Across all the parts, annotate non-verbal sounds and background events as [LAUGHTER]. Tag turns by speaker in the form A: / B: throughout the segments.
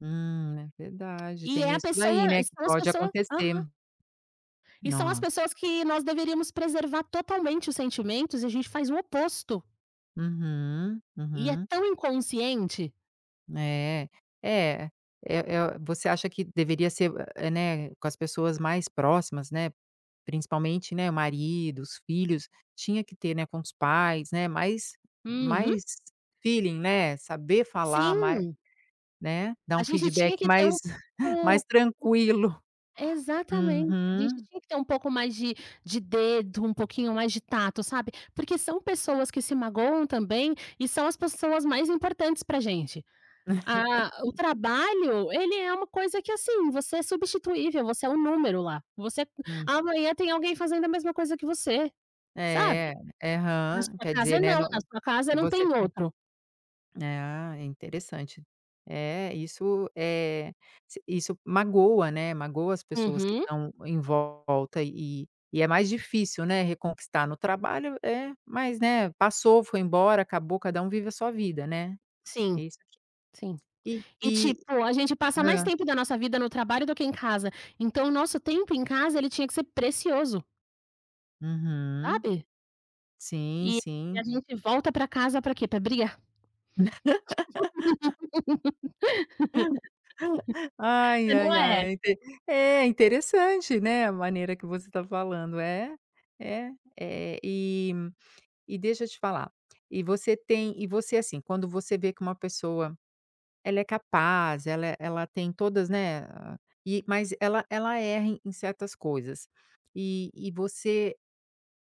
A: Hum, é verdade.
B: E
A: Tem
B: é a
A: isso daí,
B: pessoa
A: né,
B: e
A: que
B: são as
A: pode
B: pessoa
A: acontecer.
B: Aham. E são as
A: Nossa.
B: pessoas que nós deveríamos preservar totalmente os sentimentos, e a gente faz o oposto.
A: Uhum,
B: E é
A: uhum.
B: tão inconsciente.
A: Né. É, eh eh, você acha que deveria ser, eh, né, com as pessoas mais próximas, né, principalmente, né, maridos, filhos. Tinha que ter, né, com os pais, né, mais
B: Uhum.
A: mais feeling, né. Saber falar mai
B: Sim.
A: né? Dar
B: A
A: um
B: gente
A: feedback
B: tinha que ter um
A: mais [CHUCKLES] mais
B: pouco
A: tranquilo.
B: [UNINTELLIGIBLE] Exatamente. A gente
A: Uhum.
B: tinha que ter um pouco mais de de dedo, um pouquinho mais de tato, sabe, porque são pessoas que se magoam também. E são as pessoas mais importantes pra gente. Ah, o
A: [LAUGHS]
B: trabalho, ele é uma coisa que, assim, você é substituível. Você é um número lá. Você
A: Hum.
B: amanhã, tem alguém fazendo a mesma coisa que você, sabe. Na
A: É, aham.
B: sua
A: Quer
B: casa,
A: dizer, né,
B: não.
A: não,
B: Na sua casa,
A: é,
B: não tem
A: você tem
B: outro.
A: Ah, é interessante. É, isso, eh, s isso magoa, né, magoa as pessoas que
B: Uhum.
A: estão em volta. E e é mais difícil, né, reconquistar. No trabalho, é, mas, né, passou. Foi embora. Acabou. Cada um vive a sua vida, né?
B: Sim,
A: Isso te
B: sim.
A: [UNINTELLIGIBLE] isso te
B: E
A: e
B: tipo,
A: e
B: a gente passa mais
A: Hã.
B: tempo da nossa vida no trabalho do que em casa. Então o nosso tempo em casa ele tinha que ser precioso.
A: Uhum.
B: Sabe?
A: Sim,
B: E e a
A: sim.
B: gente volta para casa para quê? Para brigar.
A: [LAUGHS] [LAUGHS]
B: [LAUGHS]
A: Ai,
B: Mas não
A: ai, ai.
B: é?
A: É inte é, interessante, né, a maneira que você está falando. É, é. Eh, e e deixa eu te falar. E você tem e você, assim, quando você vê que uma pessoa, ela é capaz, ela é ela tem todas, né, a e, mas ela ela erra em em certas coisas. E e você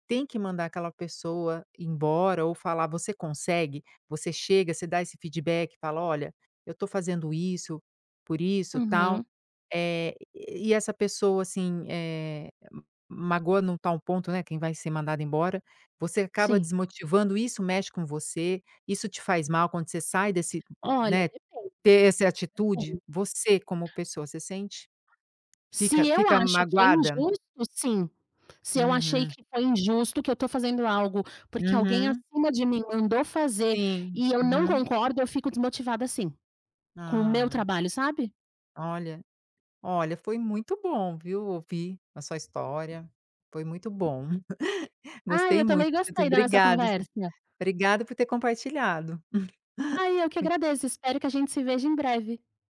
A: tem que mandar aquela pessoa embora, ou falar. Você consegue? Você chega, você dá esse feedback? Fala: "Olha, eu estou fazendo isso por isso, tal?".
B: Uhum.
A: Eh, e essa pessoa, assim, eh, magoa em um tal ponto, né, quem vai ser mandado embora, você acaba
B: Sim.
A: desmotivando. Isso mexe com você? Isso te faz mal quando você sai desse,
B: Olha,
A: né
B: depende.
A: ter essa atitude?
B: Depende.
A: Você, como pessoa, você sente? Fica
B: Se eu
A: fica
B: acho que é
A: magoada?
B: injusto? Sim. Se eu achei
A: Uhum.
B: que foi injusto, que eu estou fazendo algo, porque alguém
A: Uhum.
B: acima de mim mandou fazer
A: Sim,
B: e eu não
A: uhum.
B: concordo, eu fico desmotivada sim. Com o meu
A: Ah.
B: trabalho, sabe?
A: Olha. Olha, foi muito bom, viu, ouvir a sua história. Foi muito bom. [CHUCKLES]
B: Ai,
A: Gostei
B: eu
A: muito.
B: também gostei da nossa
A: Obrigada você
B: conversa.
A: obrigada por ter compartilhado. [CHUCKLES]
B: Ai, eu que agradeço. Espero que a gente se veja em breve.